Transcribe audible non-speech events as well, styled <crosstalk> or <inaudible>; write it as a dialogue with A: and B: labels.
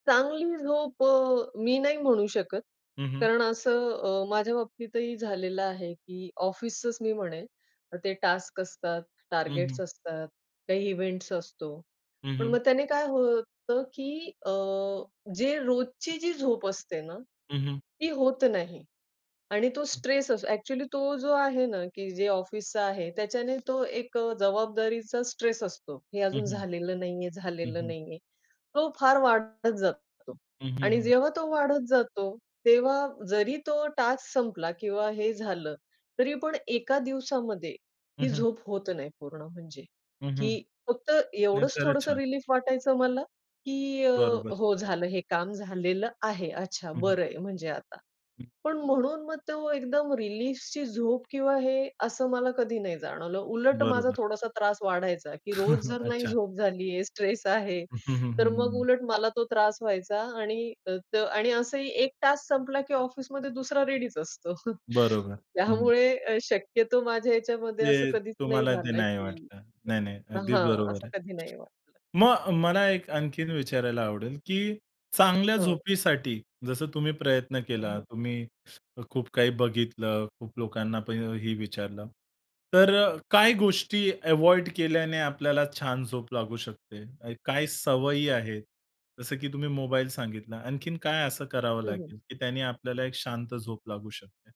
A: चांगली झोप अ, मी नाही म्हणू शकत.
B: हं, हं.
A: कारण असं अ, माझ्या बाबतीतही झालेलं आहे, की ऑफिसच मी म्हणेल ते टास्क असतात,
B: हं,
A: टार्गेट्स
B: हं.
A: असतात, काही इव्हेंट्स असतो.
B: हं,
A: पण मग
B: हं.
A: त्याने काय होतं, की अ, जे रोजची जी झोप असते ना,
B: हं, हं.
A: ती होत नाही. आणि तो
B: हं.
A: स्ट्रेस असतो ॲक्चुअली तो जो आहे ना, की जे ऑफिसचा आहे, त्याच्याने तो एक अ, जबाबदारीचा स्ट्रेस असतो हे
B: हं,
A: अजून
B: हं.
A: झालेलं नाहीये,
B: हं,
A: झालेलं
B: हं.
A: नाहीये. तो फार वाढत जातो
B: हं, हं,
A: आणि
B: हं.
A: जेव्हा तो वाढत जातो, तेव्हा जरी तो टास्क संपला किंवा हे झालं, तरी पण एका दिवसामध्ये
B: हं,
A: ही
B: हं.
A: झोप होत नाही पूर्ण म्हणजे.
B: हं, हं.
A: की फक्त
B: नाही,
A: एवढंच
B: खरंच
A: थोडंसं
B: छान.
A: रिलीफ वाटायचं मला की अ,
B: बरोबर.
A: हो झालं हे काम झालेलं आहे, अच्छा,
B: हं, हं.
A: बरं आहे. म्हणजे आता
B: हं.
A: पण म्हणून मग तो एकदम रिलीफची झोप किंवा हे असं मला कधी नाही जाणवलं उलट माझा
B: बरोबर.
A: थोडासा त्रास वाढायचा की रोज
B: <chuckles>
A: जर नाही
B: अच्छा.
A: झोप झालीये, स्ट्रेस आहे,
B: हं, हं, हं,
A: तर
B: हं,
A: मग
B: हं.
A: उलट मला तो त्रास व्हायचा आणि त आणि असंही एक टास्क संपला की ऑफिसमध्ये दुसरा रेडीच असतो.
B: बरोबर. हं, हं.
A: त्यामुळे शक्यतो माझ्या याच्यामध्ये असं
B: ते
A: कधीच नाही
B: तुम्हाला ते
A: झालं,
B: नाही
A: की
B: वाटलं आहे. नाही, नाही,
A: <unintelligible>
B: अगदी
A: हां
B: बरोबर
A: असं
B: आहे.
A: कधी नाही वाटलं.
B: मग मला एक आणखीन विचारायला आवडेल, की चांगल्या
A: हो.
B: झोपीसाठी जसं तुम्ही प्रयत्न
A: हं,
B: केला,
A: हं.
B: तुम्ही खूप काही बघितलं, खूप लोकांना पण हे विचारलं, तर अ, काही गोष्टी अव्हॉइड केल्याने आपल्याला छान झोप लागू शकते, काही सवयी आहेत जसं की तुम्ही मोबाईल सांगितला, आणखीन काय असं करावं
A: हं, हं.
B: लागेल, की त्यांनी आपल्याला एक शांत झोप लागू शकते?